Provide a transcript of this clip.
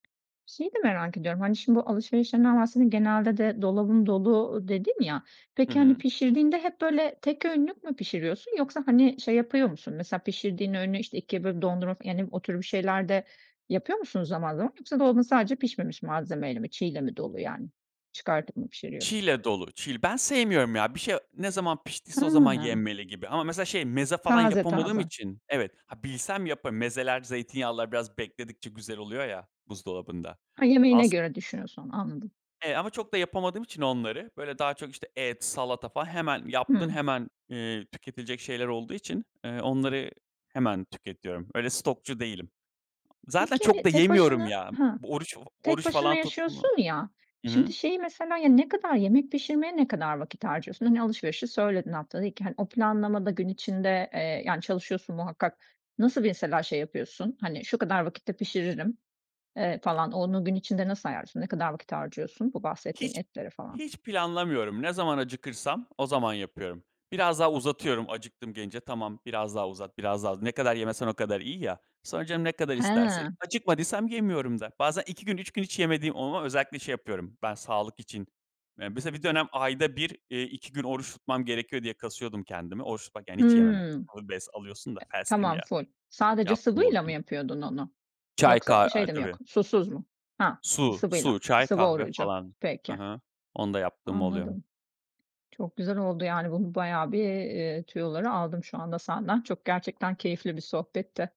Şeyi de merak ediyorum. Hani, şimdi bu alışverişlerinden bahsediyordun, genelde de "dolabım dolu" dedin ya. Hı Peki, hani, hı. pişirdiğinde hep böyle tek öğünlük mü pişiriyorsun yoksa, hani, şey yapıyor musun, mesela pişirdiğin öğünü, işte, 2'ye bölüp dondurup yani o tür bir şeyler de yapıyor musun zaman zaman? Yoksa dolabın sadece pişmemiş malzemeyle mi, çiğ ile mi dolu, yani? Çıkartıp mı Çiğ pişiriyorsun? ile dolu, çiğ. Ben sevmiyorum ya. Bir şey ne zaman piştiyse o zaman Hıı. yenmeli gibi. Ama mesela şey, meze falan Taze yapamadığım taze. için Evet. Ha, bilsem yaparım. Mezeler, zeytinyağlılar biraz bekledikçe güzel oluyor ya buzdolabında. Ha, yemeğine As göre düşünüyorsun onu, anladım. E, ama çok da yapamadığım için onları, böyle, daha çok, işte, et, salata falan hemen yaptın, Hımm. hemen, eee, tüketilecek şeyler olduğu için, eee, onları hemen tüketiyorum. Öyle stokçu değilim. Zaten Peki, çok hani, da tek yemiyorum başına ya. Ha, Bu oruç tek oruç başına falan tuttu mu yaşıyorsun ya, Hı hı. şimdi, şeyi mesela ya, ne kadar yemek pişirmeye ne kadar vakit harcıyorsun? Hani, alışverişi söyledin haftada 2, hani, o planlamada gün içinde, eee, yani, çalışıyorsun muhakkak. Nasıl mesela şey yapıyorsun, hani, şu kadar vakitte pişiririm, eee, falan onu gün içinde nasıl ayarlıyorsun, ne kadar vakit harcıyorsun bu bahsettiğin Hiç etlere falan? hiç planlamıyorum. Ne zaman acıkırsam o zaman yapıyorum. Biraz daha uzatıyorum acıktım, gelince. "Tamam, biraz daha uzat, biraz daha. Ne kadar yemesen o kadar iyi ya." Sonra canım ne kadar isterse He! Acıkmadıysam yemiyorum da. Bazen 2 gün 3 gün hiç yemediğim oluyor. Özellikle şey yapıyorum ben sağlık için. Ya, mesela bir dönem ayda 1 eee, 2 gün oruç tutmam gerekiyor diye kasıyordum kendimi. Oruç tutmak yani hiç yememek. Hımm, [unintelligible] bes alıyorsun da fasting tamam, ya. ful. Sadece sıvıyla mı [unintelligible] yapıyordun onu? Çay, ka Yoksa o aaa, şey de mi tabii. yok, susuz mu? Ha! Su Sıvıyla, su, çay, sıvı kahve orucu. falan. Hı Peki. hı. Onu da yaptığım oluyor. Anladım. Çok güzel oldu yani bu bayağı bir, iii, tüyoları aldım şu anda senden. Çok gerçekten keyifli bir sohbetti.